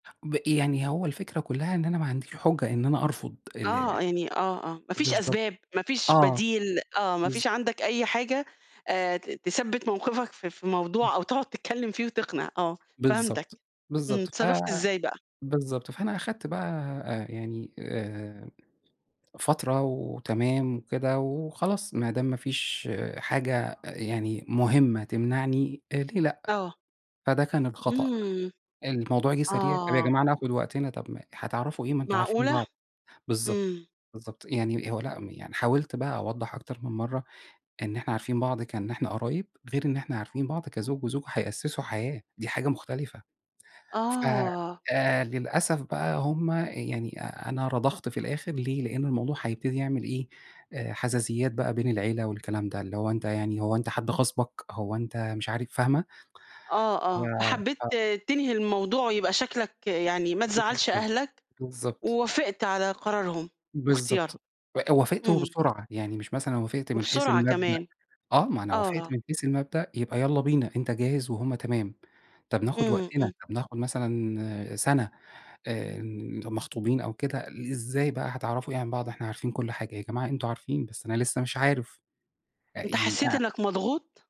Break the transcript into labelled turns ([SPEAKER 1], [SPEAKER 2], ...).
[SPEAKER 1] ب يعني هو الفكرة كلّها إن أنا ما عنديش حُجّة إن أنا أرفض ال
[SPEAKER 2] آه، يعني آه، آه، ما فيش
[SPEAKER 1] بالضبط،
[SPEAKER 2] أسباب، ما فيش
[SPEAKER 1] آه.
[SPEAKER 2] بديل آه، ما
[SPEAKER 1] بالضبط.
[SPEAKER 2] فيش عَندك أي حاجة آآ ت تثبِّت موقِفك في في
[SPEAKER 1] امم.
[SPEAKER 2] موضوع أو تقعُد تتكلّم فيه وتقنِع، آه، فهمتك،
[SPEAKER 1] بالضبط،
[SPEAKER 2] امم،
[SPEAKER 1] بالضبط، ف
[SPEAKER 2] اتصرّفت إزاي بقى؟
[SPEAKER 1] بالضبط، فأنا أخدت بقى آآ يعني آآ، فترة وتمام وكده وخلاص ما دام ما فيش حاجة يعني مهمة تمنعني، ليه لأ،
[SPEAKER 2] آه.
[SPEAKER 1] فده كان الخطأ.
[SPEAKER 2] امم،
[SPEAKER 1] الموضوع جِه سريع، طَب يا
[SPEAKER 2] آه.
[SPEAKER 1] جماعة ناخد وقتنا، طَب ما هتعرَفوا إيه؟ ما أنتم عارفين
[SPEAKER 2] معقولة؟
[SPEAKER 1] بعض. بالضبط،
[SPEAKER 2] امم.
[SPEAKER 1] بالضبط، يعني هو لأ، يعني حاولت بقى أوضّح أكتر من مرَّة إن إحنا عارفين بعض، كإن إحنا قرايب، غير إن إحنا عارفين بعض كزوج وزوجة هيأسّسوا حياة دي حاجة مختلِفة. ف
[SPEAKER 2] آه.
[SPEAKER 1] آآ للأسف بقى، هُم يعني أ أنا رضَخت في الآخِر ليه؟ لأنه الموضوع هيبتدي يعمل إيه، آآ حَزَازِيَّات بقى بين العيلة والكلام ده، اللي هو أنت يعني هو أنت حد غاصبك، هو أنت مش عارف، فاهمة،
[SPEAKER 2] آه،
[SPEAKER 1] ف
[SPEAKER 2] آه،
[SPEAKER 1] آه.
[SPEAKER 2] فحبيت تنهي الموضوع ويبقى شكلك يعني ما تزعّلش
[SPEAKER 1] بالضبط.
[SPEAKER 2] أهلك
[SPEAKER 1] بالضبط.
[SPEAKER 2] ووافقت على قرارهم وإختيارهم.
[SPEAKER 1] بالضبط، إ وافقت
[SPEAKER 2] امم.
[SPEAKER 1] وبسرعة، يعني مش مثلًا وافقت من حيث
[SPEAKER 2] وبسرعة
[SPEAKER 1] المبدأ،
[SPEAKER 2] كمان.
[SPEAKER 1] آه، ما أنا وافقت
[SPEAKER 2] آه.
[SPEAKER 1] من حيث المبدأ يبقى يالّا بينا، أنت جاهز وهُم تمام طَب ناخد
[SPEAKER 2] امم،
[SPEAKER 1] وقتنا،
[SPEAKER 2] امم.
[SPEAKER 1] نطَب اخد مثلًا سنة آآ، مخطوبين أو كده، إزاي بقى هتعرَفوا إيه عن بعض، إحنا عارفين كلّ حاجة يا جماعة، أنتم عارفين، بس أنا لسه مش عارف
[SPEAKER 2] أنت
[SPEAKER 1] يعني.
[SPEAKER 2] حسّيت
[SPEAKER 1] [unintelligible]
[SPEAKER 2] إنك مضغوط؟